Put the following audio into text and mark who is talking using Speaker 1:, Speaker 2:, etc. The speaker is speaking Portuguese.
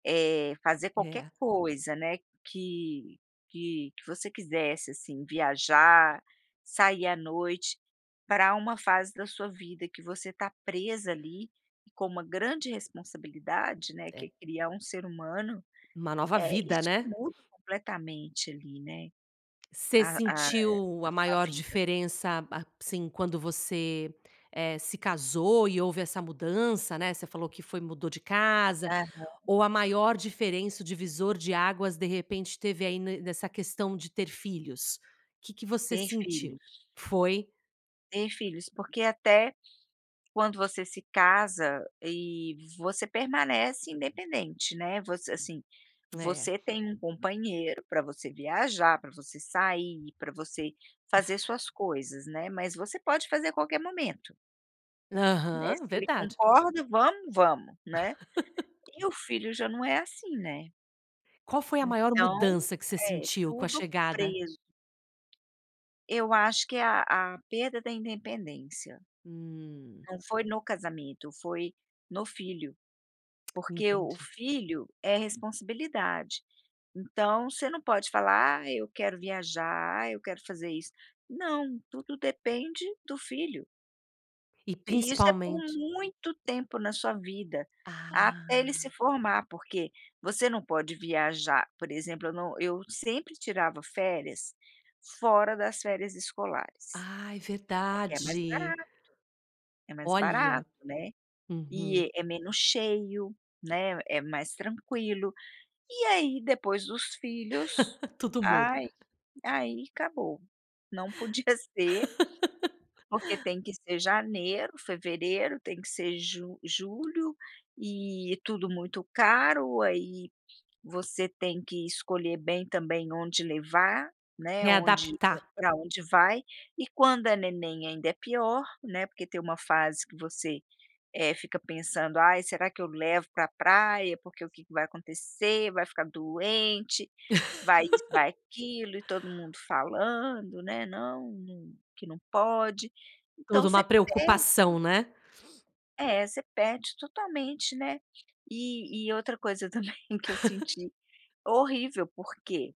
Speaker 1: É, fazer qualquer
Speaker 2: É.
Speaker 1: coisa, né, que que que você quisesse, assim, viajar, sair à noite, pra uma fase da sua vida, que você tá presa, ali, e com uma grande responsabilidade, né, que é
Speaker 2: É.
Speaker 1: criar um ser humano,
Speaker 2: Uma nova
Speaker 1: eh,
Speaker 2: vida
Speaker 1: isso
Speaker 2: né?
Speaker 1: muda completamente, ali, né,
Speaker 2: Você
Speaker 1: a a eh,
Speaker 2: sentiu,
Speaker 1: a
Speaker 2: a
Speaker 1: sua
Speaker 2: maior
Speaker 1: vida.
Speaker 2: diferença, a assim, quando você, eh, se casou e houve essa mudança, né, você falou que foi mudou de casa.
Speaker 1: Aham.
Speaker 2: Ou a maior diferença, o divisor de águas de repente teve, aí, no nessa questão de ter filhos? Que que você
Speaker 1: Ter
Speaker 2: sentiu?
Speaker 1: filhos.
Speaker 2: Foi?
Speaker 1: Ter filhos, porque até, quando você se casa, eh, você permanece independente, né. Você assim,
Speaker 2: É.
Speaker 1: você tem um companheiro pra você viajar, pra você sair, pra você, fazer suas coisas, né, mas você pode fazer a qualquer momento Né,
Speaker 2: Aham,
Speaker 1: se ele
Speaker 2: verdade.
Speaker 1: concorda, vamos, vamos, né. E, o filho já não é assim né.
Speaker 2: Qual foi a maior
Speaker 1: Então
Speaker 2: mudança, que você
Speaker 1: É,
Speaker 2: sentiu com a
Speaker 1: tudo
Speaker 2: chegada
Speaker 1: preso. Eu acho que a a perda da independência.
Speaker 2: Hum.
Speaker 1: Não foi no casamento, foi no filho. Porque o
Speaker 2: Entendi.
Speaker 1: filho é responsabilidade, então, você não pode falar: "Ah, eu quero viajar. Ah, eu quero fazer isso", Não! Tudo depende do filho.
Speaker 2: E
Speaker 1: E, isso é por
Speaker 2: principalmente
Speaker 1: muito tempo na sua vida, até
Speaker 2: Ah!
Speaker 1: ele se formar. Porque, você não pode viajar por exemplo, eu não eu, sempre tirava férias, fora das férias escolares.
Speaker 2: Ai,
Speaker 1: Porque é mais
Speaker 2: verdade! Olha.
Speaker 1: barato, né,
Speaker 2: Uhum.
Speaker 1: e é menos cheio, né, é mais tranquilo. E aí, depois dos filhos,
Speaker 2: Tudo muda.
Speaker 1: ai. Aí, acabou! Não podia ser porque tem que ser janeiro, fevereiro, tem que ser ju julho, eh, tudo muito caro, aí você tem que escolher bem também, onde levar, né, onde
Speaker 2: Readaptar.
Speaker 1: pra onde vai, e quando é neném ainda é pior, né, porque tem uma fase, que você, eh, fica pensando: "Ai, será que eu levo pra praia? Porque o que que vai acontecer? Vai ficar doente! Vai isso, vai aquilo" e todo mundo falando, né: "Não, que não pode!". Então
Speaker 2: Tudo uma
Speaker 1: você perde
Speaker 2: preocupação, né?
Speaker 1: É, você perde totalmente, né. E e outra coisa também que eu senti Horrível porque